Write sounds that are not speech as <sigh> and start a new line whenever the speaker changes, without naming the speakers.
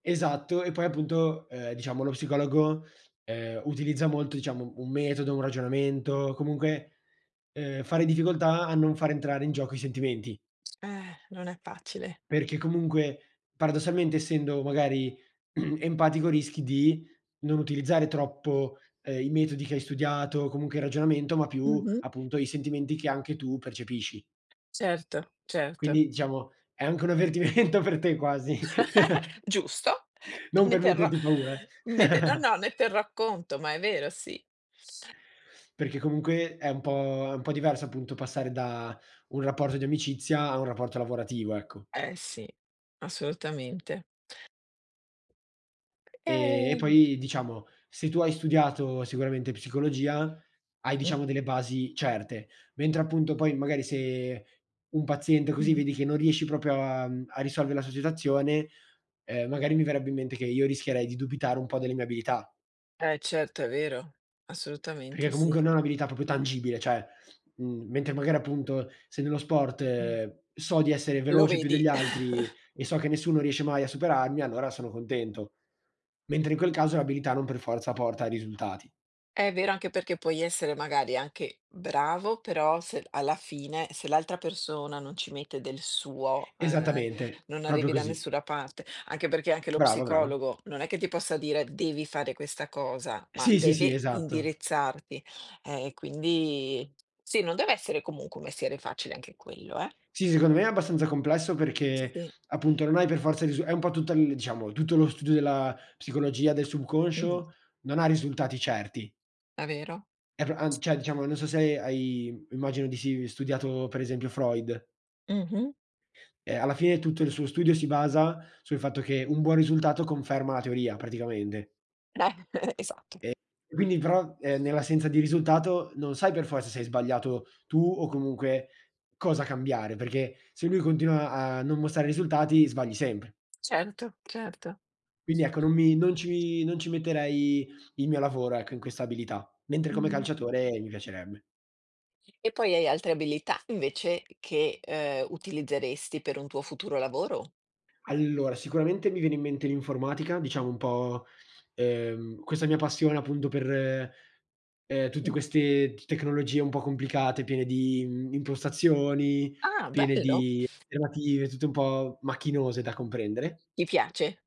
Esatto, e poi appunto, ehm, diciamo, lo psicologo, ehm, utilizza molto, diciamo, un metodo, un ragionamento, comunque, ehm, fa difficoltà a non far entrare in gioco i sentimenti.
Eh, non è facile.
Perché comunque paradossalmente, essendo magari <clears throat> empatico, rischi di non utilizzare troppo, ehm, i metodi che hai studiato o comunque il ragionamento, ma più
Mh-mh.
appunto i sentimenti che anche tu percepisci.
Certo, certo.
Quindi diciamo è anche un avvertimento per te quasi. <chuckles>
<laughs> Giusto.
Non
Ne
per
terrò
metterti
<sighs>
paura, eh.
ne te no
<chuckles>
no, ne terrò conto, ma è vero, sì.
Perché comunque è un po' è un po' diverso appunto passare da un rapporto di amicizia a un rapporto lavorativo, ecco.
Eh sì, assolutamente.
E e
Ehm.
poi diciamo, se tu hai studiato sicuramente psicologia, hai,
Mh.
diciamo, delle basi certe, mentre appunto poi magari se un paziente così vedi
<unintelligible>
che non riesci proprio a, mhmm, a risolvere la sua situazione, ehm, magari mi verrebbe in mente che io rischierei di dubitare un po' delle mie abilità.
Eh certo è vero,
Perché
assolutamente
comunque
sì.
non è un'abilità proprio tangibile, cioè, mhmm, mentre magari appunto se nello
Mh.
sport so di essere
Lo
veloce più
vedi.
degli altri
<chuckles>
e so che nessuno riesce mai a superarmi, allora sono contento. Mentre in quel caso l'abilità non per forza porta a risultati.
È vero, anche perché puoi essere magari anche bravo, però se d alla fine, se l'altra persona non ci mette del suo, ehm,
Esattamente,
non
proprio
arrivi da
così.
nessuna parte. Anche perché anche lo
Brava, brava.
psicologo non è che ti possa dire: "Devi fare questa cosa", ma
Sì, sì, sì,
deve
esatto.
indirizzarti. Eh, e quindi sì, non deve essere comunque un mestiere facile anche quello, eh.
Sì, secondo me è abbastanza complesso perché
Sì.
appunto non hai per forza il risu è un po' tutto l diciamo, tutto lo studio della psicologia, del
Mh-mh.
subconscio, non ha risultati certi.
È vero.
È pro an cioè, diciamo non so se ha hai, immagino di sì, studiato per esempio Freud.
Mh-mh.
Eh, alla fine tutto il suo studio si basa sul fatto che un buon risultato conferma la teoria praticamente.
<chuckles> Esatto.
E quindi però, eh, nell'assenza di risultato non sai per forza se hai sbagliato tu o comunque cosa cambiare perché se lui continua a non mostrare risultati sbagli sempre.
Certo, certo.
Quindi ecco, non mi non ci non ci metterei il mio lavoro ecco, in questa abilità. Mentre come
Mh-mh.
calciatore mi piacerebbe.
E poi hai altre abilità invece che, uhm, utilizzeresti per un tuo futuro lavoro?
Allora sicuramente mi viene in mente l'informatica, diciamo, un po', ehm, questa mia passione appunto per, ehm, tutte
Mh.
queste t tecnologie un po' complicate, piene di, mhmm, impostazioni,
Ah,
piene
bello.
di alternative, tutte un po' macchinose da comprendere.
Ti piace?